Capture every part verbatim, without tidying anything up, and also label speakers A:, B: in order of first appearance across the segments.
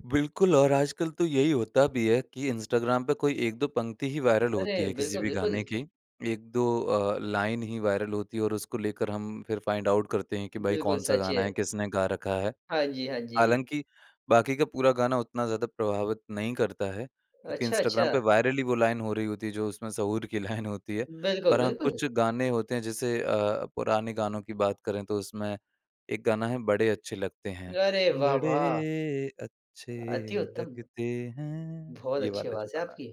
A: बिल्कुल, और आजकल तो यही होता भी है कि इंस्टाग्राम पे कोई एक दो पंक्ति ही वायरल होती
B: अरे!
A: हैं किसी
B: बिल्कुल,
A: भी
B: बिल्कुल।
A: गाने की। एक दो अ, लाइन ही वायरल होती हैं और उसको लेकर हम फिर फाइंड आउट करते हैं कि भाई
B: बिल्कुल
A: कौन-सा
B: सच
A: गाना
B: है।
A: है, किसने गा रखा है।
B: हाँ जी, हाँ जी।
A: हालाँकि, बाकी का पूरा गाना उतना ज़्यादा प्रभावित नहीं करता है, क्योंकि
B: अच्छा, अच्छा।
A: इंस्टाग्राम पे वायरल ही वो लाइन हो रही होती है, जो उसमें सहूर की लाइन होती है।
B: बिल्कुल,
A: और हाँ,
B: बिल्कुल।
A: कुछ गाने होते हैं जैसे अ, पुराने गानों की बात करें तो उसमें एक गाना है, बड़े अच्छे लगते हैं।
B: अरे वाह, वाह!
A: बड़े अच्छे
B: अति उत्तम।
A: लगते हैं,
B: बहुत
A: ये
B: अच्छी
A: वाला जो
B: आवाज़ है
A: गाना है।
B: आपकी।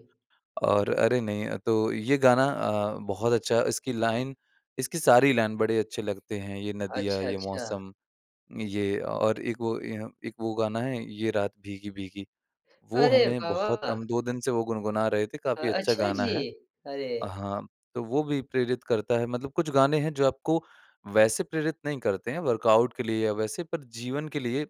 A: और अरे नहीं, तो ये गाना अ, बहुत अच्छा इसकी लाइन इसकी सारी लाइन बड़े अच्छे लगते हैं, ये नदियाँ,
B: अच्छा,
A: ये
B: अच्छा।
A: मौसम, ये और एक वो य एक वो गाना है, ये रात भीगी-भीगी। वो
B: अरे
A: हमें
B: वाह,
A: बहुत
B: वाह!
A: हम दो दिन से वो गुनगुना रहे थे,
B: अ,
A: काफ़ी अच्छा
B: अच्छा,
A: गाना
B: जी।
A: है।
B: अरे!
A: हाँ, तो वो भी प्रेरित करता है मतलब कुछ गाने हैं, जो आपको वैसे प्रेरित नहीं करते हैं, वर्कआउट के लिए या वैसे पर जीवन के लिए,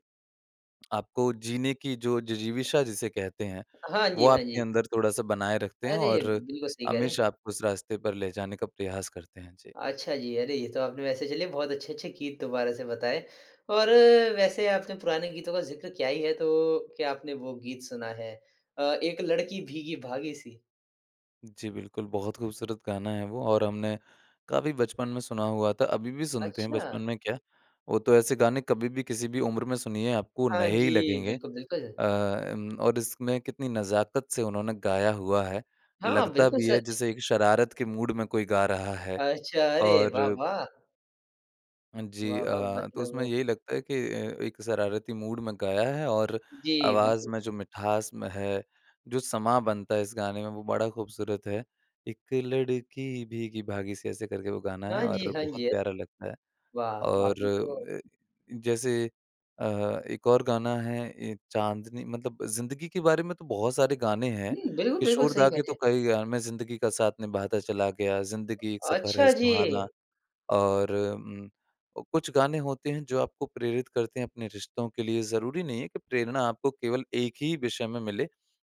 A: आपको जीने की जो जिजीविषा जिसे कहते हैं,
B: हाँ
A: वो
B: जी, हाँ
A: आपके
B: जी।
A: अंदर थोड़ा-सा बनाए रखते हैं
B: अरे!
A: और
B: बिल्कुल सही कह रहे हैं।
A: हमेशा आपको उस रास्ते पर ले जाने का प्रयास करते हैं। जी।
B: अच्छा, जी। अरे, ये तो आपने वैसे चलिए बहुत अच्छे-अच्छे गीत दुबारा से बताए और वैसे आपने पुराने गीतों का ज़िक्र किया ही है तो क्या आपने वो गीत सुना है? अ, एक लड़की भीगी-भागी सी?
A: जी, बिल्कुल, बहुत खूबसूरत गाना है वो और हमने काफ़ी बचपन में सुना हुआ था। अभी भी सुनते हैं बचपन
B: अच्छा।
A: में क्या, वो तो ऐसे गाने कभी भी किसी भी उम्र में सुनिए, आपको
B: हाँ
A: नए ही
B: जी,
A: लगेंगे।
B: बिल्कुल, बिल्कुल।
A: अ अम, और इसमें कितनी नज़ाकत से उन्होंने गाया हुआ है,
B: हाँ,
A: लगता
B: बिल्कुल
A: भी है
B: सच।
A: जैसे एक शरारत के मूड में कोई गा रहा है।
B: अच्छा, अरे वाह,
A: और
B: वाह!
A: जी
B: वाह, वाह।
A: अ, तो उसमें
B: मतलब
A: यही लगता है कि अ, एक शरारती मूड में गाया है और
B: जी,
A: आवाज़
B: बिल्कुल।
A: में जो मिठास म है, जो समाँ बनता है इस गाने में वो बड़ा खूबसूरत है। एक लड़की भीगी-भागी से ऐसे करके वो गाना है
B: हाँ जी,
A: और
B: हाँ
A: बहुत
B: जी। अ,
A: प्यारा लगता है।
B: वाह!
A: और
B: आपने तो
A: ए जैसे अ, एक और गाना है ए चांदनी मतलब ज़िंदगी के बारे में तो बहुत सारे गाने हैं।
B: हुँ, बिल्कुल, बिल्कुल
A: किशोर
B: सही
A: दा
B: कह
A: के
B: रहे
A: तो
B: हैं।
A: कई गा मैं ज़िंदगी का साथ निभाता चला गया, ज़िंदगी एक सफर है
B: अच्छा,
A: सुहाना
B: जी।
A: और उम, कुछ गाने होते हैं जो आपको प्रेरित करते हैं अपने रिश्तों के लिए, ज़रूरी नहीं है कि प्रेरणा आपको केवल एक ही विषय में मिले।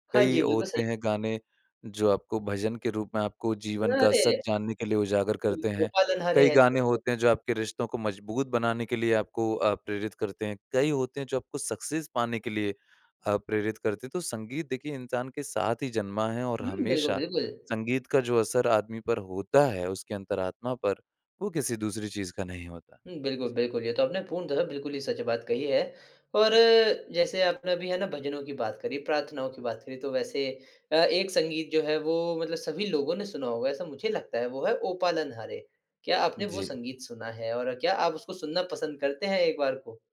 B: हाँ
A: कई
B: जी, बिल्कुल सही।
A: होते हैं गाने, जो आपको भजन के रूप में आपको जीवन का सच
B: अरे!
A: जानने के लिए उजागर करते
B: बिल्कुल। ओ
A: हैं।
B: पालन हारे
A: कई
B: हैं।
A: गाने
B: [unintelligible]
A: होते हैं जो आपके रिश्तों को मजबूत बनाने के लिए आपको अ, प्रेरित करते हैं। कई होते हैं जो आपको सक्सेस पाने के लिए अ, प्रेरित करते हैं तो संगीत देखिए, इंसान के साथ ही जन्मा है और
B: हुँ, बिल्कुल,
A: हमेशा
B: बिल्कुल।
A: संगीत का जो असर आदमी पर होता है उसकी अंतरात्मा पर, वो किसी दूसरी चीज़ का नहीं होता।
B: हुँ, बिल्कुल,
A: जी।
B: बिल्कुल। ये तो आपने पूर्णतः बिल्कुल ही सच बात कही है और जैसे आपने अभी है ना, भजनों की बात करी, प्रार्थनाओं की बात करी तो वैसे अ, एक संगीत जो है वो मतलब सभी लोगों ने सुना होगा ऐसा मुझे लगता है, वो है ओ पालन हारे। क्या आपने वो
A: जी।
B: संगीत सुना है? और क्या आप उसको सुनना पसंद करते हैं एक बार को?